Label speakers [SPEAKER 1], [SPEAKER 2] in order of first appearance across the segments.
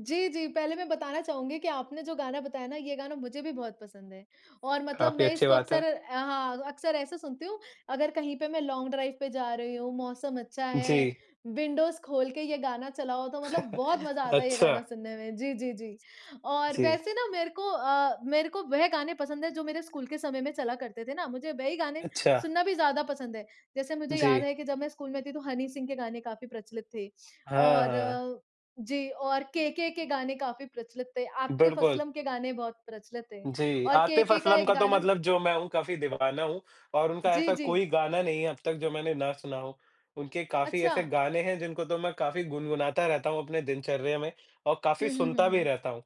[SPEAKER 1] जी, जी, पहले मैं बताना चाहूँगी कि आपने जो गाना बताया ना, ये गाना मुझे भी बहुत पसंद है। और मतलब
[SPEAKER 2] काफ़ी
[SPEAKER 1] मैं
[SPEAKER 2] अच्छी
[SPEAKER 1] इसको
[SPEAKER 2] बात
[SPEAKER 1] अक्सर
[SPEAKER 2] है।
[SPEAKER 1] अ, हाँ अक्सर ऐसे सुनती हूँ, अगर कहीं पे मैं लॉन्ग ड्राइव पे जा रही हूँ, मौसम अच्छा है,
[SPEAKER 2] जी।
[SPEAKER 1] विंडोज़ खोल के ये गाना चलाओ तो मतलब बहुत मज़ा आता है ये गाना
[SPEAKER 2] अच्छा।
[SPEAKER 1] सुनने में। जी, जी, जी, और
[SPEAKER 2] जी।
[SPEAKER 1] वैसे ना मेरे को अ, मेरे को वह गाने पसंद हैं, जो मेरे स्कूल के समय में चला करते थे ना। मुझे वही गाने
[SPEAKER 2] अच्छा।
[SPEAKER 1] सुनना भी ज़्यादा पसंद है। जैसे मुझे याद
[SPEAKER 2] जी।
[SPEAKER 1] है कि जब मैं स्कूल में थी तो हनी सिंह के गाने काफ़ी प्रचलित थे
[SPEAKER 2] हाँ, हाँ।
[SPEAKER 1] और जी, और केके के गाने काफ़ी प्रचलित थे। आतिफ़
[SPEAKER 2] बिल्कुल।
[SPEAKER 1] असलम के गाने बहुत प्रचलित थे
[SPEAKER 2] जी,
[SPEAKER 1] और
[SPEAKER 2] आतिफ़
[SPEAKER 1] केके का
[SPEAKER 2] असलम
[SPEAKER 1] एक
[SPEAKER 2] का तो
[SPEAKER 1] गाना
[SPEAKER 2] मतलब जो मैं हूँ, काफ़ी दीवाना हूँ और उनका
[SPEAKER 1] जी,
[SPEAKER 2] ऐसा
[SPEAKER 1] जी।
[SPEAKER 2] कोई गाना नहीं है अब तक जो मैंने ना सुना हो। उनके काफ़ी ऐसे
[SPEAKER 1] अच्छा।
[SPEAKER 2] गाने हैं जिनको तो मैं काफ़ी गुनगुनाता रहता हूँ अपने दिनचर्या में और काफ़ी
[SPEAKER 1] हुँ, हुँ,
[SPEAKER 2] सुनता भी
[SPEAKER 1] हुँ।
[SPEAKER 2] रहता हूँ।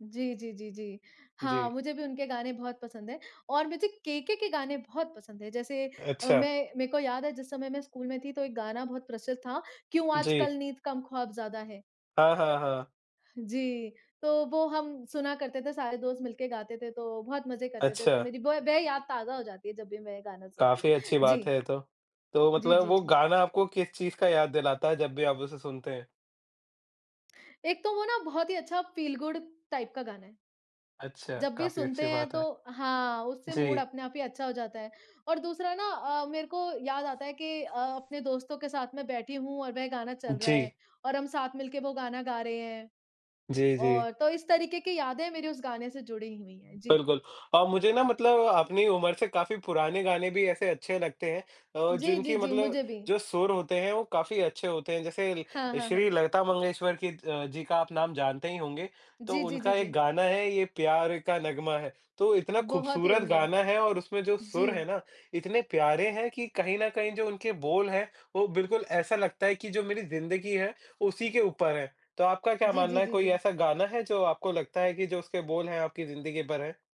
[SPEAKER 1] जी, जी, जी, जी। हाँ,
[SPEAKER 2] जी।
[SPEAKER 1] मुझे भी उनके गाने बहुत पसंद हैं और मुझे केके के गाने बहुत पसंद हैं। जैसे अ,
[SPEAKER 2] अच्छा।
[SPEAKER 1] मैं मैं को याद है जिस समय मैं स्कूल में थी तो एक गाना बहुत प्रचलित था, क्यों
[SPEAKER 2] जी।
[SPEAKER 1] आजकल नींद कम ख़्वाब ज़्यादा है।
[SPEAKER 2] हाँ, हाँ, हाँ।
[SPEAKER 1] जी, तो वो हम सुना करते थे, सारे दोस्त मिलके गाते थे तो बहुत मज़े करते थे। तो
[SPEAKER 2] अच्छा।
[SPEAKER 1] मेरी ब वह याद ताज़ा हो जाती है जब भी मैं ये गाना सुनती
[SPEAKER 2] काफ़ी
[SPEAKER 1] हूँ।
[SPEAKER 2] अच्छी बात
[SPEAKER 1] जी।
[SPEAKER 2] है ये तो। तो
[SPEAKER 1] जी,
[SPEAKER 2] मतलब
[SPEAKER 1] जी,
[SPEAKER 2] वो
[SPEAKER 1] जी।
[SPEAKER 2] गाना आपको किस चीज़ का याद दिलाता है जब भी आप उसे सुनते हैं?
[SPEAKER 1] एक तो वो ना बहुत ही अच्छा फ़ील गुड टाइप का गाना है।
[SPEAKER 2] अच्छा,
[SPEAKER 1] जब भी
[SPEAKER 2] काफ़ी
[SPEAKER 1] सुनते
[SPEAKER 2] अच्छी
[SPEAKER 1] हैं
[SPEAKER 2] बात
[SPEAKER 1] तो
[SPEAKER 2] है।
[SPEAKER 1] हाँ, उससे मूड
[SPEAKER 2] जी।
[SPEAKER 1] अपने आप ही अच्छा हो जाता है। और दूसरा ना अ, मेरे को याद आता है कि अ, अपने दोस्तों के साथ मैं बैठी हूँ और वह गाना चल रहा है
[SPEAKER 2] जी।
[SPEAKER 1] और हम साथ मिलके वो गाना गा रहे हैं,
[SPEAKER 2] जी, जी।
[SPEAKER 1] और तो इस तरीके की यादें मेरी उस गाने से जुड़ी हुई हैं। जी।
[SPEAKER 2] बिल्कुल और मुझे ना मतलब अपनी उमर से काफ़ी पुराने गाने भी ऐसे अच्छे लगते हैं अ,
[SPEAKER 1] जी, जी,
[SPEAKER 2] जिनकी
[SPEAKER 1] जी।
[SPEAKER 2] मतलब
[SPEAKER 1] मुझे भी।
[SPEAKER 2] जो सुर होते हैं, वो काफ़ी अच्छे होते हैं। जैसे
[SPEAKER 1] हाँ,
[SPEAKER 2] ल
[SPEAKER 1] हाँ,
[SPEAKER 2] श्री
[SPEAKER 1] हाँ।
[SPEAKER 2] लता मंगेश्वर की अ, जी का आप नाम जानते ही होंगे, तो
[SPEAKER 1] जी, जी, जी,
[SPEAKER 2] उनका एक
[SPEAKER 1] जी।
[SPEAKER 2] गाना है ये प्यार का नग्मा है, तो इतना
[SPEAKER 1] बहुत ही
[SPEAKER 2] खूबसूरत
[SPEAKER 1] उम्दा।
[SPEAKER 2] गाना है और उसमें जो
[SPEAKER 1] जी।
[SPEAKER 2] सुर हैं ना, इतने प्यारे हैं कि कहीं न कहीं जो उनके बोल हैं, वो बिल्कुल ऐसा लगता है कि जो मेरी ज़िंदगी है उसी के ऊपर हैं। तो आपका क्या
[SPEAKER 1] जी, जी,
[SPEAKER 2] मानना है,
[SPEAKER 1] जी,
[SPEAKER 2] कोई
[SPEAKER 1] जी।
[SPEAKER 2] ऐसा गाना है जो आपको लगता है कि जो उसके बोल हैं, आपकी ज़िंदगी पर हैं?